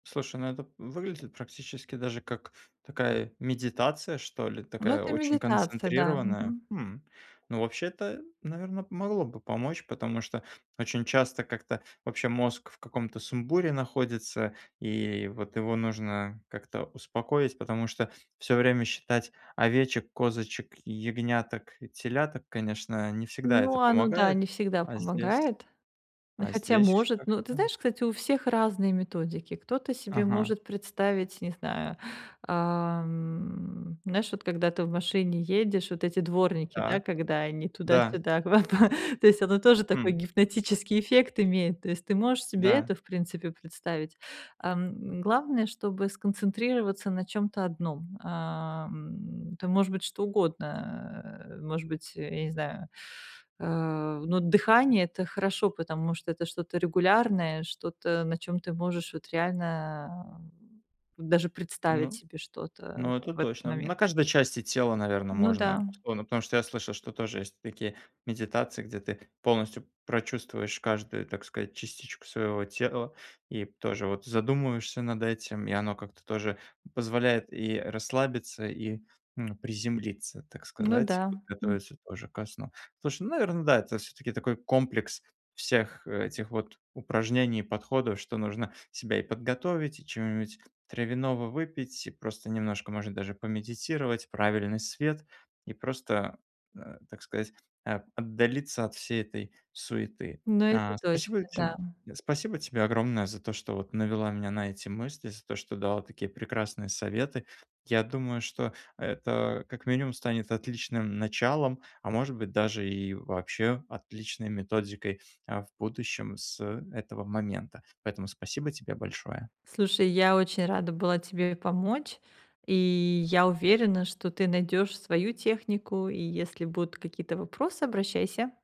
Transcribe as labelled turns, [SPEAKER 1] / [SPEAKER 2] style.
[SPEAKER 1] Слушай, ну это выглядит практически даже как такая медитация что ли,
[SPEAKER 2] Ну,
[SPEAKER 1] такая
[SPEAKER 2] это
[SPEAKER 1] очень
[SPEAKER 2] медитация, да.
[SPEAKER 1] концентрированная.
[SPEAKER 2] Мгм.
[SPEAKER 1] М! Ну, вообще-то, наверно, могло бы помочь, потому что очень часто как-то вообще мозг в каком-то сумбуре находится, и вот его нужно как-то успокоить, потому что всё время считать овечек, козочек, ягняток и теляток, конечно, не всегда
[SPEAKER 2] Ну,
[SPEAKER 1] это
[SPEAKER 2] оно да,
[SPEAKER 1] помогает.
[SPEAKER 2] не всегда
[SPEAKER 1] А здесь
[SPEAKER 2] помогает. Но
[SPEAKER 1] а
[SPEAKER 2] хотя
[SPEAKER 1] здесь
[SPEAKER 2] может. Ну, ты
[SPEAKER 1] как-то
[SPEAKER 2] знаешь, кстати, у всех разные методики. Кто-то себе
[SPEAKER 1] Ага.
[SPEAKER 2] может представить, не знаю, ам, знаешь, вот когда ты в машине едешь, вот эти дворники, да,
[SPEAKER 1] Так,
[SPEAKER 2] когда они
[SPEAKER 1] да.
[SPEAKER 2] туда-сюда в оба То есть оно тоже такой
[SPEAKER 1] Хм.
[SPEAKER 2] гипнотический эффект имеет. То есть ты можешь себе
[SPEAKER 1] Да.
[SPEAKER 2] это, в принципе, представить, ам. Главное, чтобы сконцентрироваться на чём-то одном. Ам, это может быть что угодно, э, может быть, я не знаю, э, ну, дыхание- это хорошо, потому что это что-то регулярное, что-то, на чём ты можешь вот реально даже представить
[SPEAKER 1] Ну
[SPEAKER 2] себе что-то
[SPEAKER 1] ну, это
[SPEAKER 2] в этот
[SPEAKER 1] точно. На
[SPEAKER 2] момент.
[SPEAKER 1] каждой части тела, наверно,
[SPEAKER 2] Ну да.
[SPEAKER 1] можно. Но потому что я слышал, что тоже есть такие медитации, где ты полностью прочувствуешь каждую, так сказать, частичку своего тела и тоже вот задумываешься над этим. И оно как-то тоже позволяет и расслабиться, и, м, приземлиться, так
[SPEAKER 2] Ну
[SPEAKER 1] сказать,
[SPEAKER 2] да, м.
[SPEAKER 1] готовиться тоже ко сну. Слушай, ну, наверно, да, это всё-таки такой комплекс всех этих вот упражнений и подходов, что нужно себя и подготовить, и чего-нибудь травяного выпить, и просто немножко, может, даже помедитировать, правильный свет и просто, а, так сказать, а, отдалиться от всей этой суеты,
[SPEAKER 2] Но это
[SPEAKER 1] а.
[SPEAKER 2] точно,
[SPEAKER 1] Спасибо
[SPEAKER 2] да.
[SPEAKER 1] тем спасибо тебе огромное за то, что вот навела меня на эти мысли, за то, что дала такие прекрасные советы. Я думаю, что это как минимум станет отличным началом, а может быть, даже и вообще отличной методикой, а, в будущем с этого момента. Поэтому спасибо тебе большое.
[SPEAKER 2] Слушай, я очень рада была тебе помочь, и я уверена, что ты найдёшь свою технику, и если будут какие-то вопросы, обращайся.